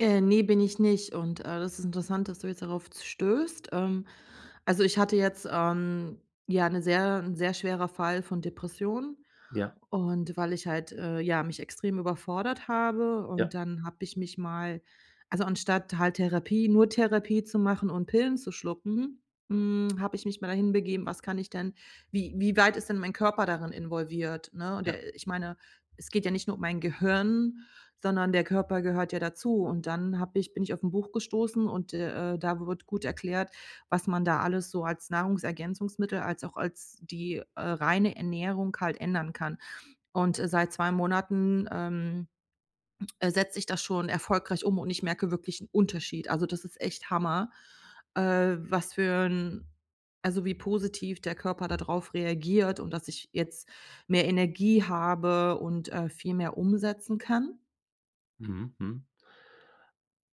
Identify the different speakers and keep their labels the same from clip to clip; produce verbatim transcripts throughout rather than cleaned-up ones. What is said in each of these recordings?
Speaker 1: Äh, ne, bin ich nicht und, äh, das ist interessant, dass du jetzt darauf z stößt, ähm. Also, ich hatte jetzt, ähm, ja, 'ne sehr 'n sehr schwerer Fall von Depressionen
Speaker 2: Ja.
Speaker 1: und weil ich halt, äh, ja, mich extrem überfordert habe und
Speaker 2: Ja.
Speaker 1: dann habe ich mich mal also, anstatt halt Therapie nur Therapie zu machen und Pillen zu schlucken, hm, habe ich mich mal dahin begeben, was kann ich denn wie wie weit ist denn mein Körper darin involviert, ne, und
Speaker 2: Ja.
Speaker 1: der äh, ich meine, es geht ja nicht nur um mein Gehirn, sondern der Körper gehört ja dazu und dann habe ich bin ich auf ’n Buch gestoßen und d äh, da wird gut erklärt, was man da alles so als Nahrungsergänzungsmittel als auch als die, äh, reine Ernährung halt ändern kann und, äh, seit zwei Monaten, ähm, setze ich das schon erfolgreich um und ich merke wirklich 'n Unterschied. Also, das ist echt Hammer, äh, was für 'n also, wie positiv der Körper da drauf reagiert und dass ich jetzt mehr Energie habe und, äh, viel mehr umsetzen kann.
Speaker 2: Mhm, mhm.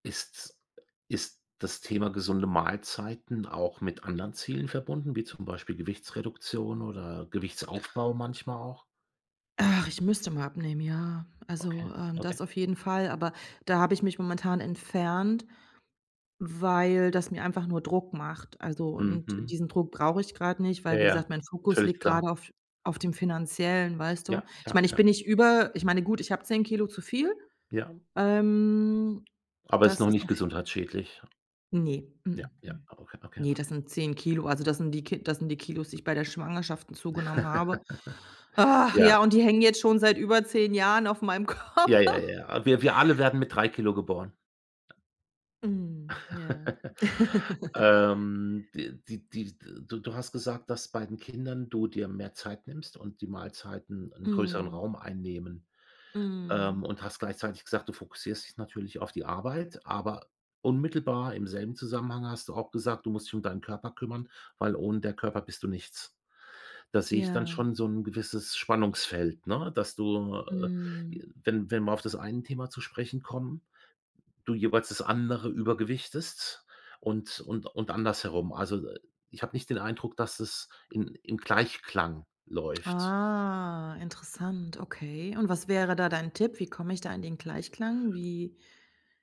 Speaker 2: Ist's ist das Thema gesunde Mahlzeiten auch mit anderen Zielen verbunden, wie zum Beispiel Gewichtsreduktion oder Gewichtsaufbau manchmal auch?
Speaker 1: Ach, ich müsste mal abnehmen, ja,
Speaker 2: Okay,
Speaker 1: also, ähm,
Speaker 2: okay.
Speaker 1: das auf jeden Fall, aber da habe ich mich momentan entfernt, weil das mir einfach nur Druck macht, also,
Speaker 2: Mhm,
Speaker 1: und
Speaker 2: mhm.
Speaker 1: diesen Druck brauche ich grad nicht,
Speaker 2: Ja,
Speaker 1: weil, wie
Speaker 2: ja,
Speaker 1: gesagt, mein Fokus
Speaker 2: völlig
Speaker 1: liegt
Speaker 2: klar.
Speaker 1: grade auf auf dem Finanziellen, weißt du?
Speaker 2: Ja,
Speaker 1: Ich
Speaker 2: ja,
Speaker 1: meine, ich
Speaker 2: ja.
Speaker 1: bin nicht über ich meine, gut, ich habe zehn Kilo zu viel,
Speaker 2: Ja.
Speaker 1: ähm,
Speaker 2: Aber ist
Speaker 1: das
Speaker 2: noch
Speaker 1: ist
Speaker 2: nicht
Speaker 1: auf
Speaker 2: gesundheitsschädlich?
Speaker 1: Ne, m
Speaker 2: Ja,
Speaker 1: m,
Speaker 2: ja,
Speaker 1: mm,
Speaker 2: ab okay, danke.
Speaker 1: ne, das sind zehn Kilo, also das sind die Kil das sind die Kilos, die ich bei der Schwangerschaften zugenommen habe. Ach
Speaker 2: Ja.
Speaker 1: ja, und die hängen jetzt schon seit über zehn Jahren auf meinem
Speaker 2: Ja, ja,
Speaker 1: Körper.
Speaker 2: ja. Wir wir alle werden mit drei Kilo geboren.
Speaker 1: Mhm, ja.
Speaker 2: Ähm, d die die du du hast gesagt, dass bei den Kindern du dir mehr Zeit nimmst und die Mahlzeiten 'n größeren
Speaker 1: Mhm.
Speaker 2: Raum einnehmen,
Speaker 1: Mhm.
Speaker 2: ähm, und hast gleichzeitig gesagt, du fokussierst dich natürlich auf die Arbeit, aber unmittelbar im selben Zusammenhang hast du auch gesagt, du musst dich um deinen Körper kümmern, weil ohne der Körper bist du nichts. Da sehe ich dann
Speaker 1: Ja.
Speaker 2: schon so 'n gewisses Spannungsfeld, ne, dass du, äh, j
Speaker 1: Mhm.
Speaker 2: wenn wenn wir auf das eine Thema zu sprechen kommen, du jeweils das andere übergewichtest und und und andersherum, also, äh, ich habe nicht den Eindruck, dass es in im Gleichklang läuft.
Speaker 1: Ah, interessant, okay, und was wäre da dein Tipp? Wie komme ich da in den Gleichklang? Wie